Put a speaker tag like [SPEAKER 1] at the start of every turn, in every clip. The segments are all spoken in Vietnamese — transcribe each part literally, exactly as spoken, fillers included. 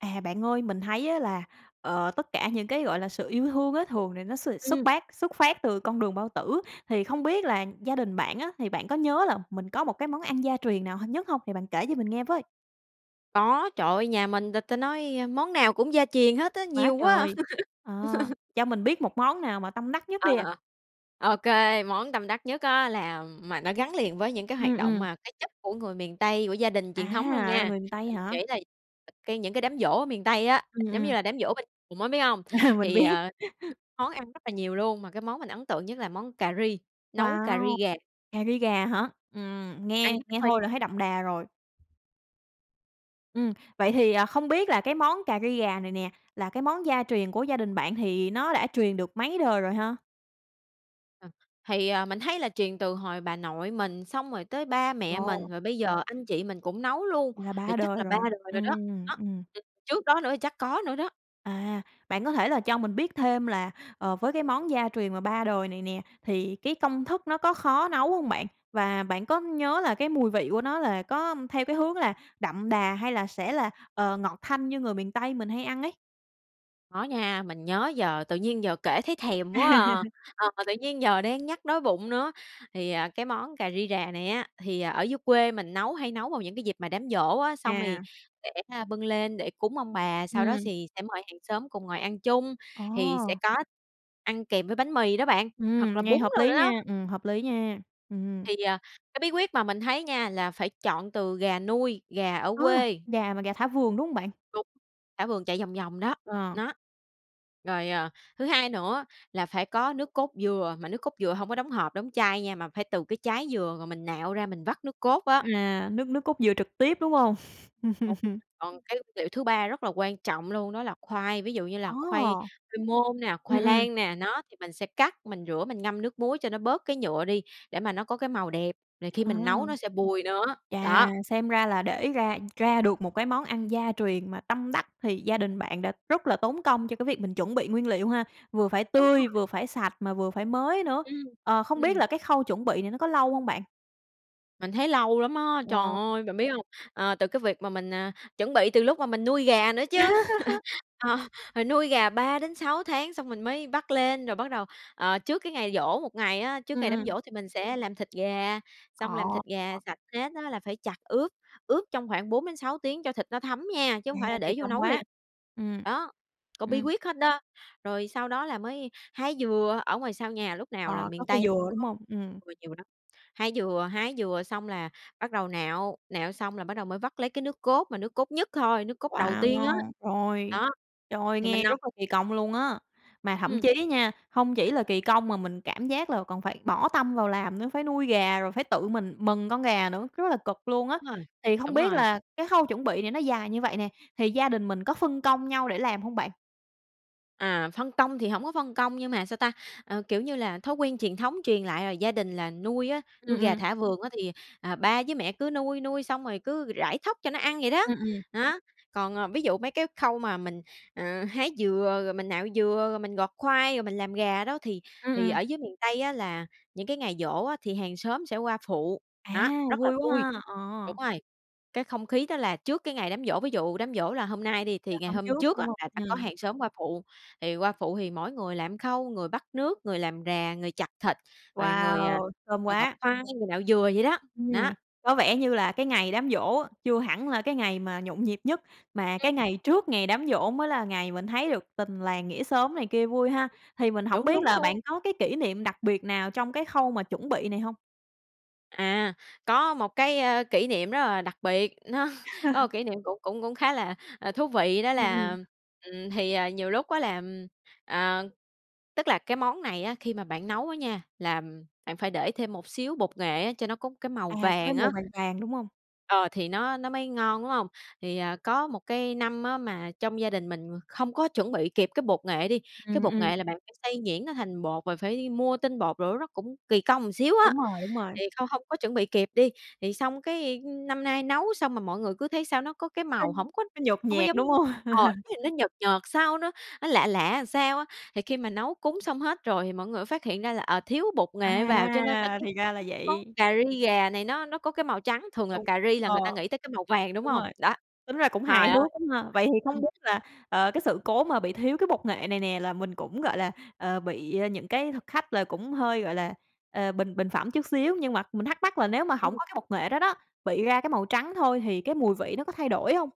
[SPEAKER 1] À, bạn ơi, mình thấy á là, ờ, tất cả những cái gọi là sự yêu thương á thường thì nó s xuất
[SPEAKER 2] Ừm.
[SPEAKER 1] bát xuất phát từ con đường bao tử. Thì không biết là gia đình bạn á, thì bạn có nhớ là mình có một cái món ăn gia truyền nào hàng nhất không? Thì bạn kể cho mình nghe với!
[SPEAKER 2] Có, trời ơi! Nhà mình là ta nói món nào cũng gia truyền hết á,
[SPEAKER 1] Quá
[SPEAKER 2] nhiều quá à!
[SPEAKER 1] trời, à, cho mình biết một món nào mà tâm đắc nhất đi à?
[SPEAKER 2] Ờ. Ô kê, món tâm đắc nhất á là, ừm mà nó gắn liền với những cái
[SPEAKER 1] Ừm,
[SPEAKER 2] hoạt động
[SPEAKER 1] ừm.
[SPEAKER 2] mà cái chất của người miền Tây, của gia đình truyền thống luôn
[SPEAKER 1] À,
[SPEAKER 2] nha.
[SPEAKER 1] là người miền Tây
[SPEAKER 2] là mình
[SPEAKER 1] hả?
[SPEAKER 2] kể đây cái những cái đám giỗ ở miền Tây á,
[SPEAKER 1] Ừm,
[SPEAKER 2] giống như
[SPEAKER 1] ừm.
[SPEAKER 2] là đám giỗ bên cồn á, biết hông?
[SPEAKER 1] À, mình
[SPEAKER 2] Thì,
[SPEAKER 1] biết.
[SPEAKER 2] à, [unintelligible] món ăn rất là nhiều luôn, mà cái món mình ấn tượng nhất là món cà ri, nấu cà
[SPEAKER 1] Wow!
[SPEAKER 2] ri gà.
[SPEAKER 1] Cà ri gà hả? Ừm,
[SPEAKER 2] Ăn
[SPEAKER 1] nghe
[SPEAKER 2] với
[SPEAKER 1] nghe
[SPEAKER 2] khoai
[SPEAKER 1] thôi là thấy đậm đà rồi. Ừm, vậy thì, à, không biết là cái món cà ri gà này nè, là cái món gia truyền của gia đình bạn thì nó đã truyền được mấy đời rồi ha?
[SPEAKER 2] Ờ, thì, à, mình thấy là truyền từ hồi bà nội mình xong rồi tới ba mẹ mình,
[SPEAKER 1] Wow!
[SPEAKER 2] rồi bây giờ anh chị mình cũng nấu luôn,
[SPEAKER 1] Là
[SPEAKER 2] thì
[SPEAKER 1] ba
[SPEAKER 2] chắc
[SPEAKER 1] đời
[SPEAKER 2] là ba
[SPEAKER 1] rồi.
[SPEAKER 2] đời rồi đó,
[SPEAKER 1] Ừm,
[SPEAKER 2] đó.
[SPEAKER 1] ừm.
[SPEAKER 2] Ừm, trước đó nữa chắc có nữa đó.
[SPEAKER 1] À, bạn có thể là cho mình biết thêm là, ờ, với cái món gia truyền mà ba đời này nè thì cái công thức nó có khó nấu không bạn? Và bạn có nhớ là cái mùi vị của nó là có theo cái hướng là đậm đà hay là sẽ là, ờ, ngọt thanh như người miền Tây mình hay ăn ấy.
[SPEAKER 2] Có nha, mình nhớ giờ tự nhiên giờ kể thấy thèm quá à, ờ, tự nhiên giờ đang nhắc đói bụng nữa. Thì, à, cái món cà ri rà này á, thì ở dưới quê mình nấu hay nấu vào những dịp mà đám giỗ á, xong thì
[SPEAKER 1] À.
[SPEAKER 2] để, a, bưng lên để cúng ông bà. Sau đó
[SPEAKER 1] Ừm.
[SPEAKER 2] sì sẽ mời hàng xóm cùng ngồi ăn chung, thì sẽ
[SPEAKER 1] Ồ!
[SPEAKER 2] có ăn kèm với bánh mì đó bạn,
[SPEAKER 1] Ừm,
[SPEAKER 2] hoặc là
[SPEAKER 1] nghe
[SPEAKER 2] bún
[SPEAKER 1] hợp
[SPEAKER 2] rồi
[SPEAKER 1] lý
[SPEAKER 2] nữa đó.
[SPEAKER 1] nha! Ừm, hợp lý nha! Ừm.
[SPEAKER 2] Thì, à, cái bí quyết mà mình thấy nha, là phải chọn từ gà nuôi, gà ở
[SPEAKER 1] A,
[SPEAKER 2] quê.
[SPEAKER 1] gà mà gà thả vườn, đúng hông bạn?
[SPEAKER 2] Đúng, thả vườn chạy vòng vòng đó,
[SPEAKER 1] Ờ.
[SPEAKER 2] đó. Rồi, ờ, thứ hai nữa là phải có nước cốt dừa, mà nước cốt dừa hông có đóng hộp, đóng chai nha, mà phải từ cái trái dừa, rồi mình nạo ra mình vắt nước cốt á.
[SPEAKER 1] À, nước nước cốt dừa trực tiếp, đúng hông?
[SPEAKER 2] [unintelligible] Còn cái liệu thứ ba rất là quan trọng luôn đó là khoai, ví dụ như
[SPEAKER 1] Ồ.
[SPEAKER 2] là khoai khoai môn nè,
[SPEAKER 1] Ừm,
[SPEAKER 2] khoai
[SPEAKER 1] ừm.
[SPEAKER 2] lang nè. Nó, thì mình sẽ cắt, mình rửa mình ngâm nước muối cho nó bớt cái nhựa đi để mà nó có cái màu đẹp, rồi khi
[SPEAKER 1] À.
[SPEAKER 2] mình nấu nó sẽ bùi nữa,
[SPEAKER 1] Chà,
[SPEAKER 2] đó.
[SPEAKER 1] xem ra là để ra ra được một cái món ăn gia truyền mà tâm đắc thì gia đình bạn đã rất là tốn công cho cái việc mình chuẩn bị nguyên liệu ha! Vừa phải
[SPEAKER 2] Đúng
[SPEAKER 1] tươi,
[SPEAKER 2] rồi.
[SPEAKER 1] vừa phải sạch mà vừa phải mới nữa.
[SPEAKER 2] Ưm,
[SPEAKER 1] Ờ, không biết
[SPEAKER 2] ừm.
[SPEAKER 1] là cái khâu chuẩn bị này nó có lâu hông bạn?
[SPEAKER 2] Mình thấy lâu lắm á! Trời
[SPEAKER 1] Wow!
[SPEAKER 2] ơi, bạn biết hông? Ờ, từ cái việc mà mình, à, chuẩn bị từ lúc mà mình nuôi gà nữa chứ. Ờ, rồi nuôi gà ba đến sáu tháng xong mình mới bắt lên. Rồi bắt đầu, ờ, trước cái ngày giỗ một ngày á, trước
[SPEAKER 1] Ừm,
[SPEAKER 2] ngày đám
[SPEAKER 1] ừm.
[SPEAKER 2] giỗ thì mình sẽ làm thịt gà. Xong làm
[SPEAKER 1] Ồ!
[SPEAKER 2] thịt gà
[SPEAKER 1] [unintelligible]
[SPEAKER 2] sạch hết á là phải chặt ướp, ướp trong khoảng bốn đến sáu tiếng cho thịt nó thấm nha, chứ
[SPEAKER 1] À,
[SPEAKER 2] không phải là
[SPEAKER 1] kỳ
[SPEAKER 2] để vô
[SPEAKER 1] công
[SPEAKER 2] nấu liền.
[SPEAKER 1] quá! Ừm.
[SPEAKER 2] Đó, có bí
[SPEAKER 1] Ừm.
[SPEAKER 2] quyết hết đó. Rồi sau đó là mới hái dừa, ở ngoài sau nhà lúc nào là
[SPEAKER 1] Ồ, có
[SPEAKER 2] miền
[SPEAKER 1] cây
[SPEAKER 2] Tây cũng
[SPEAKER 1] dừa, đúng
[SPEAKER 2] có
[SPEAKER 1] hông? Ừm.
[SPEAKER 2] dừa nhiều lắm. Hái dừa hái dừa xong là bắt đầu nạo, nạo xong là bắt đầu mới vắt lấy cái nước cốt, mà nước cốt nhất thôi, nước cốt đầu tiên á.
[SPEAKER 1] Wow! Rồi.
[SPEAKER 2] Đó.
[SPEAKER 1] Trời,
[SPEAKER 2] Thì mình
[SPEAKER 1] nghe
[SPEAKER 2] nấu
[SPEAKER 1] rất là kỳ công luôn á! Mà thậm
[SPEAKER 2] Ừm.
[SPEAKER 1] chí nha, hông chỉ là kỳ công mà mình cảm giác là còn phải bỏ tâm vào làm nữa. Phải nuôi gà, rồi phải tự mình mần con gà nữa, rất là cực luôn á.
[SPEAKER 2] Rồi,
[SPEAKER 1] Thì không
[SPEAKER 2] đúng
[SPEAKER 1] biết
[SPEAKER 2] rồi.
[SPEAKER 1] là cái khâu chuẩn bị này nó dài như vậy nè, thì gia đình mình có phân công nhau để làm hông bạn?
[SPEAKER 2] À, phân công thì hổng có phân công, nhưng mà sao ta? À, kiểu như là, thói quen truyền thống truyền lại là gia đình là nuôi á,
[SPEAKER 1] Ừm,
[SPEAKER 2] nuôi gà
[SPEAKER 1] ừm.
[SPEAKER 2] thả vườn á thì, à, ba với mẹ cứ nuôi, nuôi xong rồi cứ rải thóc cho nó ăn vậy đó,
[SPEAKER 1] Ừm, ừm.
[SPEAKER 2] đó. Còn, ờ, ví dụ mấy cái khâu mà mình, à, hái dừa, rồi mình nạo dừa, rồi mình gọt khoai, rồi mình làm gà đó thì
[SPEAKER 1] Ừm,
[SPEAKER 2] thì
[SPEAKER 1] ừm.
[SPEAKER 2] ở dưới miền Tây á là những cái ngày giỗ á thì hàng xóm sẽ qua phụ,
[SPEAKER 1] À,
[SPEAKER 2] đó, rất là
[SPEAKER 1] vui
[SPEAKER 2] vui.
[SPEAKER 1] quá ha!
[SPEAKER 2] Đúng
[SPEAKER 1] Ờ.
[SPEAKER 2] rồi, cái không khí đó là trước cái ngày đám giỗ. Ví dụ đám giỗ là hôm nay đi,
[SPEAKER 1] Là
[SPEAKER 2] thì ngày
[SPEAKER 1] hôm
[SPEAKER 2] hôm
[SPEAKER 1] trước,
[SPEAKER 2] trước
[SPEAKER 1] đúng
[SPEAKER 2] á
[SPEAKER 1] hông?
[SPEAKER 2] sẽ có
[SPEAKER 1] Ừm.
[SPEAKER 2] hàng xóm qua phụ. Thì qua phụ thì mỗi người làm khâu, người bắc nước, người làm rà, người chặt thịt, rồi người, à,
[SPEAKER 1] Wow! Thơm
[SPEAKER 2] à, gọt
[SPEAKER 1] quá!
[SPEAKER 2] khoai, người nạo dừa vậy đó,
[SPEAKER 1] Ừm,
[SPEAKER 2] đó.
[SPEAKER 1] có vẻ như là cái ngày đám giỗ á, chưa hẳn là cái ngày mà nhộn nhịp nhất, mà cái
[SPEAKER 2] Ừm.
[SPEAKER 1] ngày trước ngày đám giỗ mới là ngày mình thấy được tình làng nghĩa xóm này kia vui ha. Thì mình hổng
[SPEAKER 2] Đúng,
[SPEAKER 1] biết
[SPEAKER 2] đúng
[SPEAKER 1] là bạn
[SPEAKER 2] luôn.
[SPEAKER 1] có cái kỷ niệm đặc biệt nào trong cái khâu mà chuẩn bị này hông?
[SPEAKER 2] À, có một cái, ơ, kỷ niệm rất là đặc biệt. Nó có một kỷ niệm cũng cũng cũng khá là, ờ, thú vị đó
[SPEAKER 1] Ừm, ừm.
[SPEAKER 2] là ừm, thì, à, nhiều lúc á là, ừm, à, tức là cái món này á khi mà bạn nấu đó nha, làm bạn phải để thêm một xíu bột nghệ á cho nó có cái màu
[SPEAKER 1] À, có cái
[SPEAKER 2] vàng
[SPEAKER 1] màu
[SPEAKER 2] á
[SPEAKER 1] vàng vàng, đúng hông?
[SPEAKER 2] ờ, thì nó nó mới ngon, đúng hông? Thì, à, có một cái năm á mà trong gia đình mình không có chuẩn bị kịp cái bột nghệ đi. Cái
[SPEAKER 1] Ừm,
[SPEAKER 2] bột
[SPEAKER 1] ừm.
[SPEAKER 2] nghệ là bạn phải xay nhuyễn nó thành bột và phải đi mua tinh bột rồi nó cũng kỳ công xíu á.
[SPEAKER 1] Đúng rồi, đúng rồi.
[SPEAKER 2] Thì không hông có chuẩn bị kịp đi. Thì xong cái, ưm, năm nay nấu xong mà mọi người cứ thấy sao nó có cái
[SPEAKER 1] Nó
[SPEAKER 2] màu hổng có
[SPEAKER 1] nó nhợt
[SPEAKER 2] hông có
[SPEAKER 1] nhạt,
[SPEAKER 2] giống
[SPEAKER 1] đúng hông?
[SPEAKER 2] ờ, nó nhìn nó nhợt nhợt sao, nó nó lạ lạ sao á. Thì khi mà nấu cúng xong hết rồi thì mọi người mới phát hiện ra là, ờ, thiếu bột nghệ vào cho nên cái
[SPEAKER 1] À, thì ra là
[SPEAKER 2] món
[SPEAKER 1] vậy!
[SPEAKER 2] cà ri gà này nó nó có cái màu trắng. Thường là
[SPEAKER 1] Đúng,
[SPEAKER 2] cà ri là
[SPEAKER 1] ờ.
[SPEAKER 2] người ta nghĩ tới cái màu vàng, đúng
[SPEAKER 1] Đúng
[SPEAKER 2] hông?
[SPEAKER 1] rồi.
[SPEAKER 2] Đó,
[SPEAKER 1] Tính ra cũng hài
[SPEAKER 2] trời ơi!
[SPEAKER 1] hước lắm ha! Vậy thì không biết
[SPEAKER 2] [unintelligible]
[SPEAKER 1] là, ờ, cái sự cố mà bị thiếu cái bột nghệ này nè là mình cũng, gọi là, ờ, bị, a, những cái thực khách là cũng hơi, gọi là, ờ, bình bình phẩm chút xíu. Nhưng mà mình thắc mắc là nếu mà hổng
[SPEAKER 2] Ừm.
[SPEAKER 1] có cái bột nghệ đó đó, bị ra cái màu trắng thôi thì cái mùi vị nó có thay đổi hông?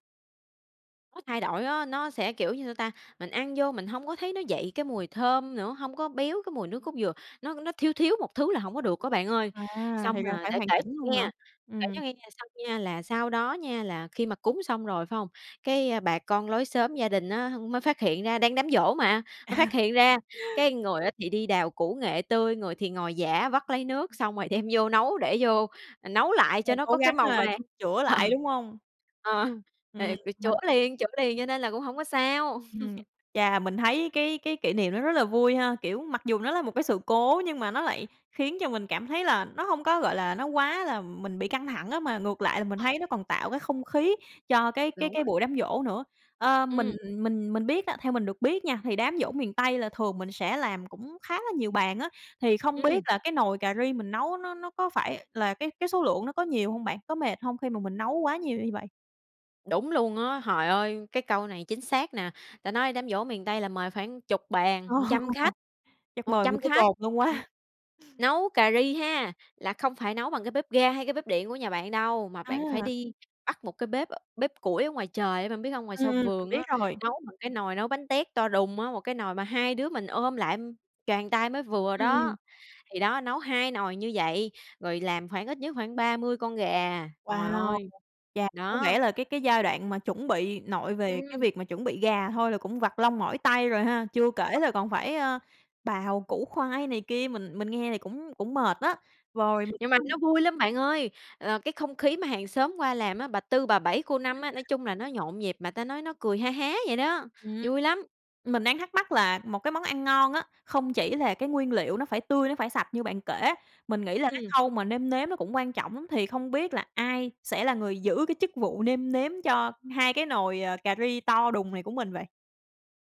[SPEAKER 2] Có thay đổi á, nó sẽ, kiểu như, sao ta? Mình ăn vô mình hông có thấy nó dậy cái mùi thơm nữa, hông có béo cái mùi nước cốt dừa. Nó nó thiếu thiếu một thứ là hổng có được á bạn ơi.
[SPEAKER 1] À,
[SPEAKER 2] Xong
[SPEAKER 1] thì ra
[SPEAKER 2] mà
[SPEAKER 1] phải
[SPEAKER 2] để
[SPEAKER 1] hoàn
[SPEAKER 2] kể
[SPEAKER 1] chỉnh luôn hả?
[SPEAKER 2] nghe, kể
[SPEAKER 1] Ừm.
[SPEAKER 2] cho nghe về sau nha, là sau đó nha, là khi mà cúng xong rồi phải hông? Cái bà con lối xóm gia đình á mới phát hiện ra, đang đám giỗ mà, mới phát
[SPEAKER 1] À.
[SPEAKER 2] hiện ra, cái người á thì đi đào củ nghệ tươi, người thì ngồi giã vắt lấy nước xong rồi đem vô nấu, để vô nấu lại cho
[SPEAKER 1] Rồi
[SPEAKER 2] nó
[SPEAKER 1] cố
[SPEAKER 2] có cái
[SPEAKER 1] gắng
[SPEAKER 2] màu
[SPEAKER 1] ha,
[SPEAKER 2] vàng.
[SPEAKER 1] chữa
[SPEAKER 2] Ờ,
[SPEAKER 1] lại, đúng hông?
[SPEAKER 2] ờ,
[SPEAKER 1] Ừm,
[SPEAKER 2] thì phải chữa
[SPEAKER 1] mình
[SPEAKER 2] liền, chữa liền cho nên là cũng hông có sao.
[SPEAKER 1] Ừm. Chà, mình thấy cái cái kỷ niệm nó rất là vui ha. Kiểu, mặc dù nó là một cái sự cố nhưng mà nó lại khiến mình cảm thấy là nó hông có, gọi là, nó quá là mình bị căng thẳng á, mà ngược lại là mình
[SPEAKER 2] Rồi.
[SPEAKER 1] thấy nó còn tạo cái không khí cho cái cái
[SPEAKER 2] Đúng
[SPEAKER 1] cái
[SPEAKER 2] rồi.
[SPEAKER 1] buổi đám giỗ nữa. Ơ, mình
[SPEAKER 2] Ừm.
[SPEAKER 1] mình mình biết á theo mình được biết nha, thì đám giỗ miền Tây là thường mình sẽ làm cũng khá là nhiều bàn á. Thì không biết
[SPEAKER 2] Ừm.
[SPEAKER 1] là cái nồi cà ri mình nấu nó nó có phải là cái cái số lượng nó có nhiều hông bạn? Có mệt hông khi mà mình nấu quá nhiều như vậy?
[SPEAKER 2] Đúng luôn á. Hời ơi, cái câu này chính xác nè! Ta nói đám giỗ miền Tây là mời khoảng chục bàn,
[SPEAKER 1] Ồ,
[SPEAKER 2] trăm khách,
[SPEAKER 1] chắc
[SPEAKER 2] một
[SPEAKER 1] mời nguyên
[SPEAKER 2] trăm
[SPEAKER 1] cái
[SPEAKER 2] khách.
[SPEAKER 1] cồn luôn
[SPEAKER 2] Ừ,
[SPEAKER 1] quá.
[SPEAKER 2] nấu cà ri ha là không phải nấu bằng bếp ga hay bếp điện của nhà bạn đâu, mà bạn phải
[SPEAKER 1] A.
[SPEAKER 2] đi bắt một cái bếp, ơ, bếp củi ở ngoài trời á, bạn biết hông? Ngoài
[SPEAKER 1] Ừm,
[SPEAKER 2] sau
[SPEAKER 1] ừm, mình
[SPEAKER 2] vườn
[SPEAKER 1] biết
[SPEAKER 2] á,
[SPEAKER 1] rồi.
[SPEAKER 2] nấu bằng cái nồi nấu bánh tét to đùng á, một cái nồi mà hai đứa mình ôm lại, choàng tay mới vừa
[SPEAKER 1] Ừm, ừm.
[SPEAKER 2] đó. Thì đó, nấu hai nồi như vậy, rồi làm khoảng ít nhất khoảng ba mươi con gà. Trời
[SPEAKER 1] Wow!
[SPEAKER 2] ơi!
[SPEAKER 1] Chà, có
[SPEAKER 2] Đó.
[SPEAKER 1] nghĩa là cái cái giai đoạn mà chuẩn bị, nội về cái
[SPEAKER 2] Ừm.
[SPEAKER 1] việc mà chuẩn bị gà thôi là cũng vặt lông mỏi tay rồi ha. Chưa kể là còn phải, a, bào củ khoai này kia, mình mình nghe thì cũng cũng mệt đó. Vòi
[SPEAKER 2] Nhưng mà
[SPEAKER 1] [unintelligible]
[SPEAKER 2] nó vui lắm bạn ơi, ờ, cái không khí mà hàng xóm qua làm á, bà Tư, bà Bảy, cô Năm á, nói
[SPEAKER 1] [unintelligible]
[SPEAKER 2] chung là nó nhộn nhịp mà ta nói nó cười ha há vậy đó.
[SPEAKER 1] Ừm,
[SPEAKER 2] Vui lắm!
[SPEAKER 1] mình đang thắc mắc là một cái món ăn ngon á không chỉ là cái nguyên liệu nó phải tươi, nó phải sạch như bạn kể. Mình nghĩ là cái
[SPEAKER 2] Ừm.
[SPEAKER 1] khâu mà nêm nếm nó cũng quan trọng lắm. Thì không biết là ai sẽ là người giữ cái chức vụ nêm nếm cho hai cái nồi, ờ, cà ri to đùng này của mình vậy?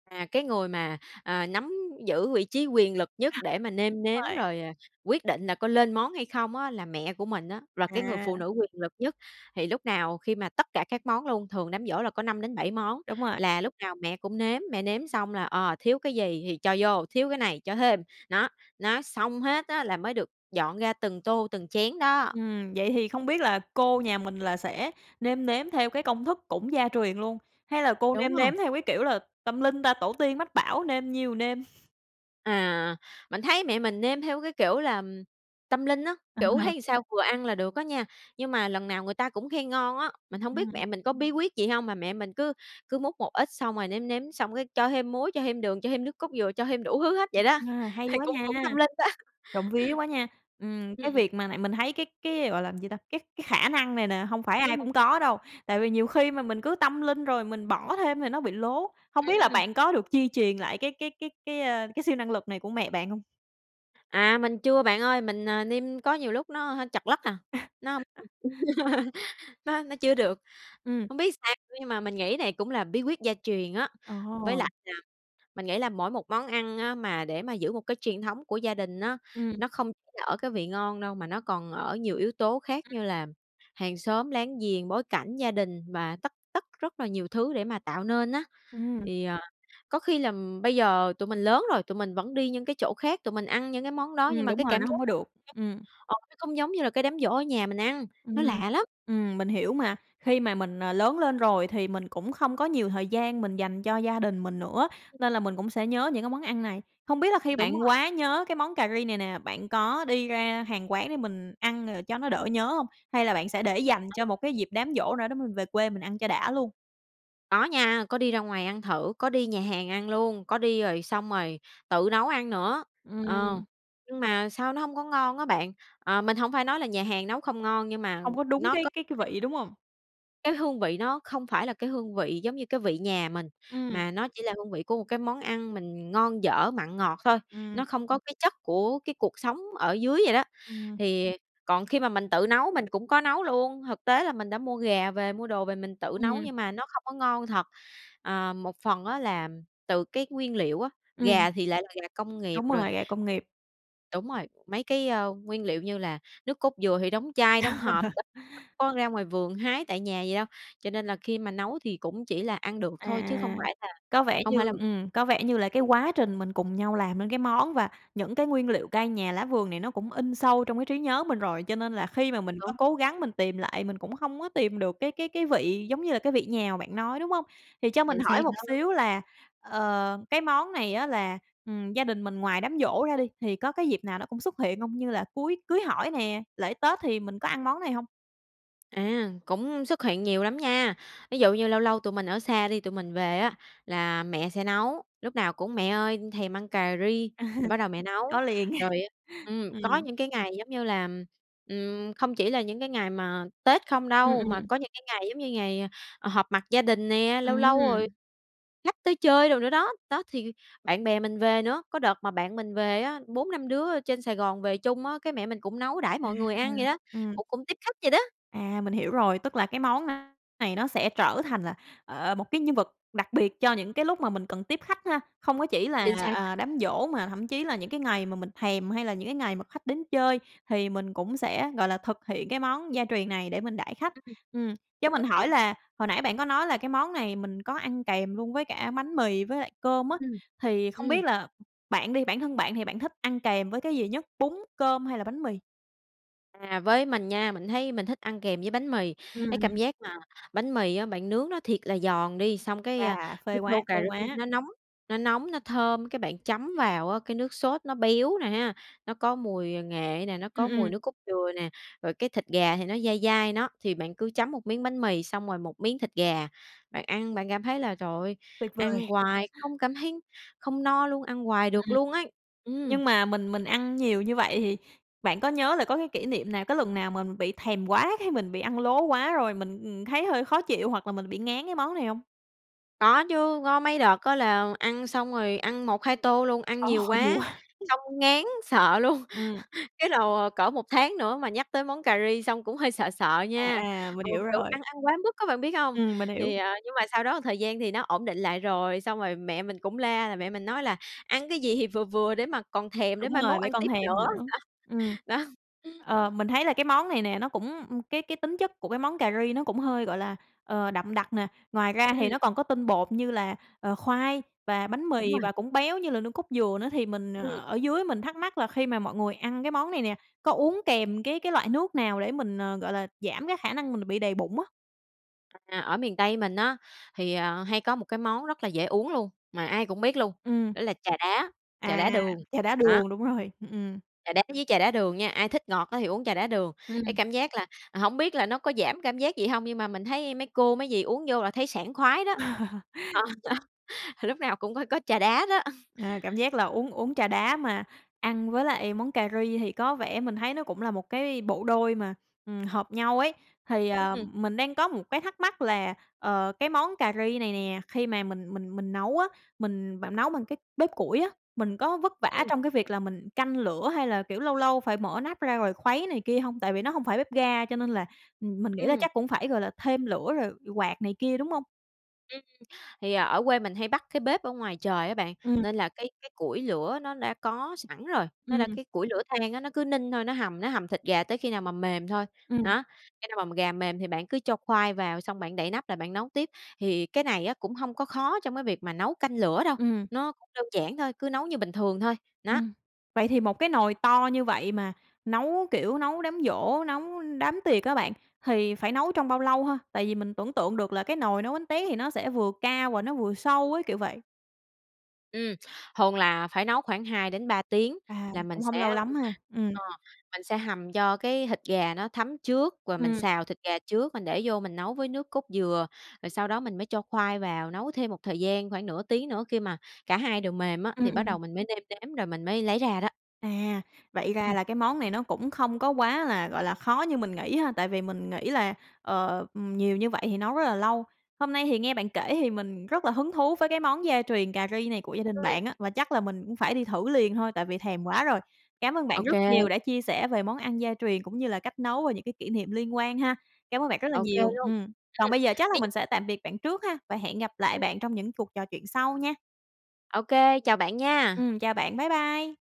[SPEAKER 2] À, cái người mà, à, nắm giữ vị trí quyền lực nhất để mà nêm nếm
[SPEAKER 1] [unintelligible]
[SPEAKER 2] rồi, ờ, quyết định là có lên món hay không á là mẹ của mình á, là cái người phụ
[SPEAKER 1] À.
[SPEAKER 2] nữ quyền lực nhất. Thì lúc nào khi mà tất cả các món luôn, thường đám giỗ là có năm đến bảy món
[SPEAKER 1] Đúng rồi.
[SPEAKER 2] là lúc nào mẹ cũng nếm, mẹ nếm xong là, ờ, thiếu cái gì thì cho vô, thiếu cái này cho thêm, nó, nó xong hết á là mới được dọn ra từng tô, từng chén đó.
[SPEAKER 1] Ừm, vậy thì không biết là cô nhà mình là sẽ nêm nếm theo cái công thức cũng gia truyền luôn? Hay là cô
[SPEAKER 2] Đúng
[SPEAKER 1] nêm
[SPEAKER 2] rồi.
[SPEAKER 1] nếm theo cái kiểu là tâm linh ta? Tổ tiên mách bảo, nêm nhiêu nêm.
[SPEAKER 2] À, mình thấy mẹ mình nêm theo cái kiểu là tâm linh á, kiểu,
[SPEAKER 1] À.
[SPEAKER 2] thấy sao vừa ăn là được á nha. Nhưng mà lần nào người ta cũng khen ngon á, mình hông biết
[SPEAKER 1] Ừm.
[SPEAKER 2] mẹ mình có bí quyết gì hông mà mẹ mình cứ cứ múc một ít, xong rồi nếm nếm xong cái cho thêm muối, cho thêm đường, cho thêm nước cốt dừa, cho thêm đủ thứ hết vậy đó.
[SPEAKER 1] A, hay
[SPEAKER 2] Thì
[SPEAKER 1] quá
[SPEAKER 2] cũng
[SPEAKER 1] nha!
[SPEAKER 2] cũng tâm linh đó.
[SPEAKER 1] Trộm vía quá nha. Ừm,
[SPEAKER 2] Ừm,
[SPEAKER 1] cái
[SPEAKER 2] ừm.
[SPEAKER 1] việc mà này mình thấy cái cái, gọi là, gì ta? Cái cái khả năng này nè hông phải ai
[SPEAKER 2] Ừm.
[SPEAKER 1] cũng có đâu, tại vì nhiều khi mà mình cứ tâm linh rồi mình bỏ thêm thì nó bị lố. Hông biết là
[SPEAKER 2] Ừm.
[SPEAKER 1] bạn có được di truyền lại cái cái cái cái, ơ, cái siêu năng lực này của mẹ bạn hông?
[SPEAKER 2] À, mình chưa bạn ơi. Mình, à, nêm có nhiều lúc nó, ơ, trật lất à, nó hông [unintelligible] nó nó chưa được.
[SPEAKER 1] Ừm.
[SPEAKER 2] Hông biết sao nữa nhưng mà mình nghĩ này cũng là bí quyết gia truyền á.
[SPEAKER 1] Ờ.
[SPEAKER 2] Với lại là mình nghĩ là mỗi một món ăn á mà để mà giữ một cái truyền thống của gia đình nó,
[SPEAKER 1] Ừm.
[SPEAKER 2] nó không là ở cái vị ngon đâu mà nó còn ở nhiều yếu tố khác
[SPEAKER 1] Ừm.
[SPEAKER 2] như là hàng xóm láng giềng, bối cảnh, gia đình và tất tất rất là nhiều thứ để mà tạo nên á.
[SPEAKER 1] Ừm.
[SPEAKER 2] Thì, à, có khi làm bây giờ tụi mình lớn rồi, tụi mình vẫn đi những cái chỗ khác, tụi mình ăn những cái món đó nhưng
[SPEAKER 1] Ừm,
[SPEAKER 2] mà
[SPEAKER 1] đúng
[SPEAKER 2] cái
[SPEAKER 1] rồi,
[SPEAKER 2] cảm
[SPEAKER 1] nó
[SPEAKER 2] giác
[SPEAKER 1] hông có
[SPEAKER 2] nó
[SPEAKER 1] được.
[SPEAKER 2] khác,
[SPEAKER 1] Ừm.
[SPEAKER 2] ờ, nó không giống như là cái đám giỗ ở nhà mình ăn, nó
[SPEAKER 1] Ừm,
[SPEAKER 2] lạ lắm.
[SPEAKER 1] ừm, mình hiểu mà. Khi mà mình, à, lớn lên rồi thì mình cũng không có nhiều thời gian mình dành cho gia đình mình nữa, nên là mình cũng sẽ nhớ những cái món ăn này. Không biết là khi
[SPEAKER 2] Đúng
[SPEAKER 1] bạn
[SPEAKER 2] rồi.
[SPEAKER 1] quá nhớ cái món cà ri này nè, bạn có đi ra hàng quán để mình ăn, ờ, cho nó đỡ nhớ hông? Hay là bạn sẽ để dành cho
[SPEAKER 2] [unintelligible]
[SPEAKER 1] một dịp đám giỗ nào đó mình về quê mình ăn cho đã luôn?
[SPEAKER 2] Có nha, có đi ra ngoài ăn thử, có đi nhà hàng ăn luôn. Có đi, rồi xong rồi tự nấu ăn nữa, ờ.
[SPEAKER 1] Ừm.
[SPEAKER 2] Nhưng mà sao nó hông có ngon á bạn. Ờ, mình hổng phải nói là nhà hàng nấu không ngon, nhưng mà
[SPEAKER 1] Không có đúng
[SPEAKER 2] nó
[SPEAKER 1] cái
[SPEAKER 2] có
[SPEAKER 1] cái
[SPEAKER 2] cái
[SPEAKER 1] vị, đúng hông?
[SPEAKER 2] Cái hương vị nó không phải là cái hương vị giống như cái vị nhà mình,
[SPEAKER 1] Ừm.
[SPEAKER 2] mà nó chỉ là hương vị của một cái món ăn mình ngon, dở, mặn, ngọt thôi,
[SPEAKER 1] Ừm.
[SPEAKER 2] nó không có cái chất của cái cuộc sống ở dưới vậy đó.
[SPEAKER 1] Ừm.
[SPEAKER 2] Thì còn khi mà mình tự nấu mình cũng có nấu luôn, thực tế là mình đã mua gà về, mua đồ về mình tự nấu
[SPEAKER 1] Ừm.
[SPEAKER 2] nhưng mà nó không có ngon thật. À, một phần á là từ cái nguyên liệu á,
[SPEAKER 1] Ừm.
[SPEAKER 2] gà thì lại là gà công nghiệp
[SPEAKER 1] Đúng
[SPEAKER 2] rồi.
[SPEAKER 1] rồi, gà công nghiệp.
[SPEAKER 2] Đúng rồi, mấy cái, ơ, nguyên liệu như là nước cốt dừa thì đóng chai, đóng hộp, đâu có ra ngoài vườn hái tại nhà vậy đâu. Cho nên là khi mà nấu thì cũng chỉ là ăn được thôi chứ
[SPEAKER 1] À,
[SPEAKER 2] không phải là
[SPEAKER 1] có vẻ
[SPEAKER 2] không
[SPEAKER 1] như
[SPEAKER 2] phải là
[SPEAKER 1] ừm, có vẻ như là cái quá trình mình cùng nhau làm nên cái món, và những cái nguyên liệu cây nhà lá vườn này nó cũng in sâu trong cái trí nhớ mình rồi. Cho nên là khi mà mình có
[SPEAKER 2] Đúng.
[SPEAKER 1] cố gắng mình tìm lại mình cũng không có tìm được cái cái cái vị giống như là cái vị nhà mà bạn nói, đúng hông? Thì cho mình
[SPEAKER 2] Chính xác
[SPEAKER 1] hỏi một
[SPEAKER 2] đó.
[SPEAKER 1] xíu là, ờ, cái món này á là, ừm, gia đình mình ngoài đám giỗ ra đi, thì có cái dịp nào nó cũng xuất hiện hông? Như là cuối cưới hỏi nè, lễ Tết thì mình có ăn món này hông?
[SPEAKER 2] À, cũng xuất hiện nhiều lắm nha. Ví dụ như lâu lâu tụi mình ở xa đi, tụi mình về á là mẹ sẽ nấu, lúc nào cũng: "Mẹ ơi, thèm ăn cà ri."
[SPEAKER 1] À,
[SPEAKER 2] Rồi bắt đầu mẹ nấu.
[SPEAKER 1] có liền.
[SPEAKER 2] Rồi á ừm,
[SPEAKER 1] Ừm.
[SPEAKER 2] có những cái ngày, giống như là ừm, không chỉ là những cái ngày mà Tết không
[SPEAKER 1] Ừm,
[SPEAKER 2] đâu, mà
[SPEAKER 1] ừm.
[SPEAKER 2] có những cái ngày giống như ngày, ờ, ờ, họp mặt gia đình nè, lâu lâu rồi
[SPEAKER 1] Ừm.
[SPEAKER 2] khách tới chơi đồ nữa đó, đó, thì bạn bè mình về nữa. Có đợt mà bạn mình về á bốn năm đứa, ơ, trên Sài Gòn về chung á, cái mẹ mình cũng nấu đãi
[SPEAKER 1] À,
[SPEAKER 2] mọi người ăn vậy đó,
[SPEAKER 1] ừm.
[SPEAKER 2] cũng cũng tiếp khách vậy đó.
[SPEAKER 1] À, mình hiểu rồi, tức là cái món này nó sẽ trở thành là, ờ, một cái nhân vật đặc biệt cho những cái lúc mà mình cần tiếp khách ha. Không có chỉ là,
[SPEAKER 2] Chính xác.
[SPEAKER 1] à, đám giỗ mà thậm chí là những cái ngày mà mình thèm, hay là những cái ngày mà khách đến chơi, thì mình cũng sẽ, gọi là, thực hiện cái món gia truyền này để mình đãi khách.
[SPEAKER 2] Ư, ừm.
[SPEAKER 1] Ừm, cho mình
[SPEAKER 2] Cũng
[SPEAKER 1] hỏi
[SPEAKER 2] đúng.
[SPEAKER 1] là hồi nãy bạn có nói là cái món này mình có ăn kèm luôn với cả bánh mì với lại cơm á,
[SPEAKER 2] Ừm.
[SPEAKER 1] thì không
[SPEAKER 2] Ừm.
[SPEAKER 1] biết là bạn đi, bản thân bạn thì bạn thích ăn kèm với cái gì nhất: bún, cơm, hay là bánh mì?
[SPEAKER 2] À, với mình nha, mình thấy mình thích ăn kèm với bánh mì.
[SPEAKER 1] Ừm,
[SPEAKER 2] Cái cảm
[SPEAKER 1] ừm.
[SPEAKER 2] giác mà bánh mì á bạn nướng nó thiệt là giòn đi, xong cái, ơ,
[SPEAKER 1] À, phê
[SPEAKER 2] cái
[SPEAKER 1] quá,
[SPEAKER 2] tô
[SPEAKER 1] phê
[SPEAKER 2] cà ri
[SPEAKER 1] quá!
[SPEAKER 2] nó nóng, nó nóng, nó thơm. Cái bạn chấm vào á cái nước sốt nó béo nè ha, nó có mùi nghệ nè, nó
[SPEAKER 1] Ừm,
[SPEAKER 2] có mùi
[SPEAKER 1] ừm.
[SPEAKER 2] nước cốt dừa nè, rồi cái thịt gà thì nó dai dai, nó, thì bạn cứ chấm một miếng bánh mì xong rồi một miếng thịt gà. Bạn ăn bạn cảm thấy là, trời ơi,
[SPEAKER 1] Tuyệt vời!
[SPEAKER 2] ăn hoài không cảm thấy không no luôn, ăn hoài
[SPEAKER 1] Ừm,
[SPEAKER 2] được
[SPEAKER 1] ừm.
[SPEAKER 2] luôn ấy, ừm.
[SPEAKER 1] Nhưng mà mình mình ăn nhiều như vậy thì bạn có nhớ là có cái kỷ niệm nào, có lần nào mà mình bị thèm quá, cái mình bị ăn lố quá rồi mình, ừm, thấy hơi khó chịu, hoặc là mình bị ngán cái món này hông?
[SPEAKER 2] Có chứ, có mấy đợt có là ăn xong rồi ăn một hai tô luôn, ăn
[SPEAKER 1] Ồ,
[SPEAKER 2] nhiều
[SPEAKER 1] nhiều
[SPEAKER 2] quá,
[SPEAKER 1] quá!
[SPEAKER 2] xong ngán sợ luôn.
[SPEAKER 1] Ừm.
[SPEAKER 2] Cái đồ cỡ một tháng nữa mà nhắc tới món cà ri xong cũng hơi sợ sợ
[SPEAKER 1] À,
[SPEAKER 2] nha.
[SPEAKER 1] à, mình
[SPEAKER 2] Ừ,
[SPEAKER 1] hiểu
[SPEAKER 2] kiểu
[SPEAKER 1] rồi.
[SPEAKER 2] ăn ăn quá mức á bạn biết hông?
[SPEAKER 1] Ừm, mình hiểu.
[SPEAKER 2] Thì, à, nhưng mà sau đó thời gian thì nó ổn định lại rồi, xong rồi mẹ mình cũng la, là mẹ mình nói là "Ăn cái gì thì vừa vừa để mà còn thèm để
[SPEAKER 1] Đúng
[SPEAKER 2] mai mốt
[SPEAKER 1] rồi, để
[SPEAKER 2] ăn
[SPEAKER 1] còn
[SPEAKER 2] tiếp
[SPEAKER 1] thèm
[SPEAKER 2] nữa."
[SPEAKER 1] nữa.
[SPEAKER 2] Đó,
[SPEAKER 1] Ừm.
[SPEAKER 2] đó.
[SPEAKER 1] Ờ, mình thấy là cái món này nè, nó cũng ừm, cái cái tính chất của cái món cà ri nó cũng hơi, gọi là, ờ, đậm đặc nè. Ngoài ra thì
[SPEAKER 2] Ừm.
[SPEAKER 1] nó còn có tinh bột như là, ờ, khoai và bánh
[SPEAKER 2] Đúng
[SPEAKER 1] mì,
[SPEAKER 2] rồi.
[SPEAKER 1] và cũng béo như là nước cốt dừa nữa, thì mình
[SPEAKER 2] Ừm.
[SPEAKER 1] ở dưới mình thắc mắc là khi mà mọi người ăn cái món này nè, có uống kèm cái cái loại nước nào để mình, ờ, gọi là, giảm cái khả năng mình bị đầy bụng á?
[SPEAKER 2] À, ở miền Tây mình á thì, à, hay có một cái món rất là dễ uống luôn, mà ai cũng biết luôn.
[SPEAKER 1] Ừm.
[SPEAKER 2] Đó là trà đá, trà đá
[SPEAKER 1] À.
[SPEAKER 2] đường,
[SPEAKER 1] Trà đá
[SPEAKER 2] đó.
[SPEAKER 1] đường, đúng rồi, ừm, ừm.
[SPEAKER 2] Trà đá với trà đá đường nha, ai thích ngọt thì á uống trà đá đường. Cái
[SPEAKER 1] Ừm.
[SPEAKER 2] cảm giác là hổng biết là nó có giảm cảm giác gì hông nhưng mà mình thấy mấy cô, mấy dì uống vô là thấy sảng khoái đó. Lúc nào cũng có có trà đá đó.
[SPEAKER 1] À, cảm giác là uống uống trà đá mà ăn với lại món cà ri thì có vẻ mình thấy nó cũng là một cái bộ đôi mà, ừm, hợp nhau ấy. Thì, à,
[SPEAKER 2] Ừm.
[SPEAKER 1] mình đang có một cái thắc mắc là, ờ, cái món cà ri này nè khi mà mình mình mình nấu á, mình bạn nấu bằng cái bếp củi á, mình có vất vả
[SPEAKER 2] Ừm.
[SPEAKER 1] trong cái việc là mình canh lửa hay là, kiểu, lâu lâu phải mở nắp ra rồi khuấy này kia hông? Tại vì nó không phải bếp ga cho nên là, ừm, mình nghĩ là
[SPEAKER 2] Ừm.
[SPEAKER 1] chắc cũng phải, gọi là, thêm lửa rồi quạt này kia, đúng không?
[SPEAKER 2] Ừm, thì, ờ, ở quê mình hay bắc cái bếp ở ngoài trời á bạn,
[SPEAKER 1] Ừm.
[SPEAKER 2] nên là cái cái củi lửa nó đã có sẵn rồi, nó đã
[SPEAKER 1] Ừm.
[SPEAKER 2] cái củi lửa than á, nó cứ ninh thôi, nó hầm nó hầm thịt gà tới khi nào mà mềm thôi.
[SPEAKER 1] Ừm.
[SPEAKER 2] Nó, cho nên mà gà mềm thì bạn cứ cho khoai vào, xong bạn đậy nắp lại bạn nấu tiếp, thì cái này á cũng hông có khó trong cái việc mà nấu canh lửa đâu.
[SPEAKER 1] Ừm.
[SPEAKER 2] Nó cũng đơn giản thôi, cứ nấu như bình thường thôi, nó.
[SPEAKER 1] Ừm, vậy thì một cái nồi to như vậy mà nấu, kiểu, nấu đám giỗ, nấu đám tiệc á bạn thì phải nấu trong bao lâu ha? Tại vì mình tưởng tượng được là cái nồi nấu bánh tét thì nó sẽ vừa cao và nó vừa sâu ấy, kiểu vậy.
[SPEAKER 2] Ừm, thường là phải nấu khoảng hai đến ba tiếng
[SPEAKER 1] À,
[SPEAKER 2] là mình
[SPEAKER 1] cũng hông
[SPEAKER 2] sẽ
[SPEAKER 1] lâu lắm ha. Ừm.
[SPEAKER 2] ờ, mình sẽ hầm cho cái thịt gà nó thấm trước, và mình
[SPEAKER 1] Ừm.
[SPEAKER 2] xào thịt gà trước, mình để vô mình nấu với nước cốt dừa. Rồi sau đó mình mới cho khoai vào, nấu thêm một thời gian khoảng nửa tiếng nữa khi mà cả hai đều mềm á,
[SPEAKER 1] Ừm,
[SPEAKER 2] thì
[SPEAKER 1] ừm,
[SPEAKER 2] bắt
[SPEAKER 1] ừm.
[SPEAKER 2] đầu mình mới nêm nếm, rồi mình mới lấy ra đó.
[SPEAKER 1] À, vậy ra
[SPEAKER 2] Ừm.
[SPEAKER 1] là cái món này nó cũng không có quá là, gọi là, khó như mình nghĩ ha, tại vì mình nghĩ là, ờ, ừm, nhiều như vậy thì nấu rất là lâu. Hôm nay thì nghe bạn kể thì mình rất là hứng thú với cái món gia truyền cà ri này của gia đình
[SPEAKER 2] Ừm.
[SPEAKER 1] bạn á, và chắc mình cũng phải đi thử liền thôi tại vì thèm quá rồi. Cảm ơn bạn
[SPEAKER 2] Ô
[SPEAKER 1] rất
[SPEAKER 2] kê.
[SPEAKER 1] nhiều đã chia sẻ về món ăn gia truyền cũng như là cách nấu và những cái kỷ niệm liên quan ha. Cảm ơn bạn rất là
[SPEAKER 2] Ô kê
[SPEAKER 1] nhiều,
[SPEAKER 2] luôn.
[SPEAKER 1] ừm. Còn
[SPEAKER 2] Ừm,
[SPEAKER 1] bây giờ chắc là
[SPEAKER 2] thí dụ
[SPEAKER 1] mình sẽ tạm biệt bạn trước ha, và hẹn gặp lại
[SPEAKER 2] Ừm.
[SPEAKER 1] bạn trong những cuộc trò chuyện sau nha!
[SPEAKER 2] Ô kê, chào bạn nha!
[SPEAKER 1] Ừm, chào bạn. Bye bye!